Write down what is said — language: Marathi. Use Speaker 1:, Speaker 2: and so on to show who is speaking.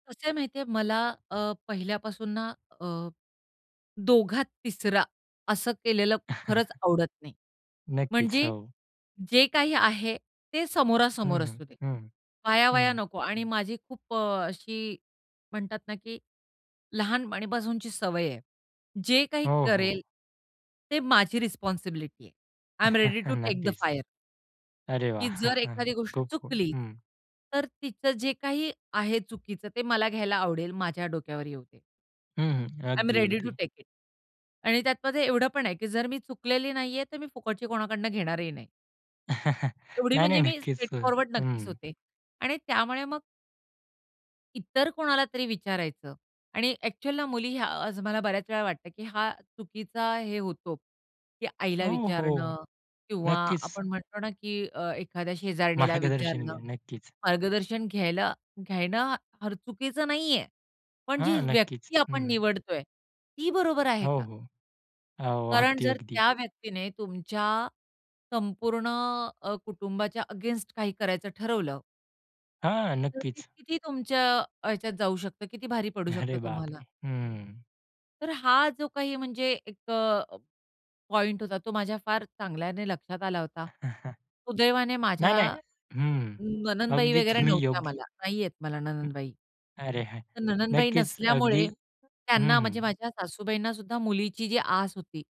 Speaker 1: कसं आहे माहिती आहे, मला अ, पहिल्यापासून ना अ, दोघात तिसरा असं केलेलं खरंच आवडत नाही.
Speaker 2: नक्कीच,
Speaker 1: म्हणजे
Speaker 2: हो.
Speaker 1: जे काही आहे ते
Speaker 2: हं,
Speaker 1: समोरासमोर
Speaker 2: हं.
Speaker 1: असू दे.
Speaker 2: हं,
Speaker 1: आया-वाया
Speaker 2: हं.
Speaker 1: नको आणि माझी खूप अ, अशी म्हणतात ना की लहानपणीपासूनची सवय आहे. जे काही
Speaker 2: हो,
Speaker 1: करेल
Speaker 2: हो.
Speaker 1: ते माझी रिस्पॉन्सिबिलिटी आहे. I am ready to take the
Speaker 2: नक्कीच.
Speaker 1: फायर.
Speaker 2: अरे,
Speaker 1: की
Speaker 2: वाह!
Speaker 1: जर एखादी गोष्ट
Speaker 2: खूप कूल.
Speaker 1: चुकली,
Speaker 2: हं.
Speaker 1: तर तिचं जे काही आहे चुकीचं, ते मला घ्यायला आवडेल. माझ्या डोक्यावर येऊदे.
Speaker 2: हं, हं.
Speaker 1: आय एम
Speaker 2: अगदी,
Speaker 1: रेडी तो
Speaker 2: अगदी.
Speaker 1: Take it. आणि त्यातमध्ये एवढं पण आहे की जर मी चुकलेली नाहीये, तर मी फुकटची कोणाकडून घेणारही नाही. एवढी
Speaker 2: नाही, नाही.
Speaker 1: म्हणजे मी
Speaker 2: नक्कीच
Speaker 1: स्ट्रेट
Speaker 2: अ
Speaker 1: फॉरवर्ड नक्कीच
Speaker 2: हं.
Speaker 1: होते. आणि त्यामुळे मग इतर कोणाला तरी विचारायचं आणि अ‍ॅक्चुअलला मुली आज मला बऱ्याच वेळा वाटतं, की हा चुकीचा हे होतो. की आईला
Speaker 2: हो, हो.
Speaker 1: विचारणं किंवा
Speaker 2: नक्कीच.
Speaker 1: आपण म्हणतो ना की अ, एखाद्या शेजारणीला
Speaker 2: मार्गदर्शन
Speaker 1: विचारणं.
Speaker 2: घेणे. नक्कीच.
Speaker 1: मार्गदर्शन घ्यायला घ्यायला फार चुकीचं नाहीये, पण जी
Speaker 2: हां, नक्कीच.
Speaker 1: व्यक्ती आपण
Speaker 2: हं.
Speaker 1: निवडतोय ती बरोबर आहे
Speaker 2: हो,
Speaker 1: का?
Speaker 2: हो. हो,
Speaker 1: कारण
Speaker 2: अगदी,
Speaker 1: जर
Speaker 2: अगदी.
Speaker 1: त्या व्यक्तीने तुमच्या संपूर्ण अ, कुटुंबाच्या अगेन्स्ट काही करायचं ठरवलं
Speaker 2: हां,
Speaker 1: तर ते
Speaker 2: नक्कीच.
Speaker 1: किती तुमच्या ह्याच्यात जाऊ शकतं, किती भारी पडू शकतं
Speaker 2: अरे
Speaker 1: तुम्हाला.
Speaker 2: बापरे! हं.
Speaker 1: तर हा जो काही म्हणजे एक अ, पॉइंट होता, तो माझ्या फार चांगल्याने लक्षात आला होता. सुदैवाने माझ्या
Speaker 2: नाही, नाही हं,
Speaker 1: नणंदबाई
Speaker 2: अगदी
Speaker 1: वगैरे
Speaker 2: तुम्ही
Speaker 1: नव्हत्या
Speaker 2: योग्य
Speaker 1: मला. नाहीयेत मला नणंदबाई.
Speaker 2: अरे, हां,
Speaker 1: तर नणंदबाई
Speaker 2: नक्कीच अगदी.
Speaker 1: नसल्यामुळे
Speaker 2: हं,
Speaker 1: त्यांना म्हणजे
Speaker 2: हं.
Speaker 1: माझ्या सासूबाईंनासुद्धा मुलीची जी आस होती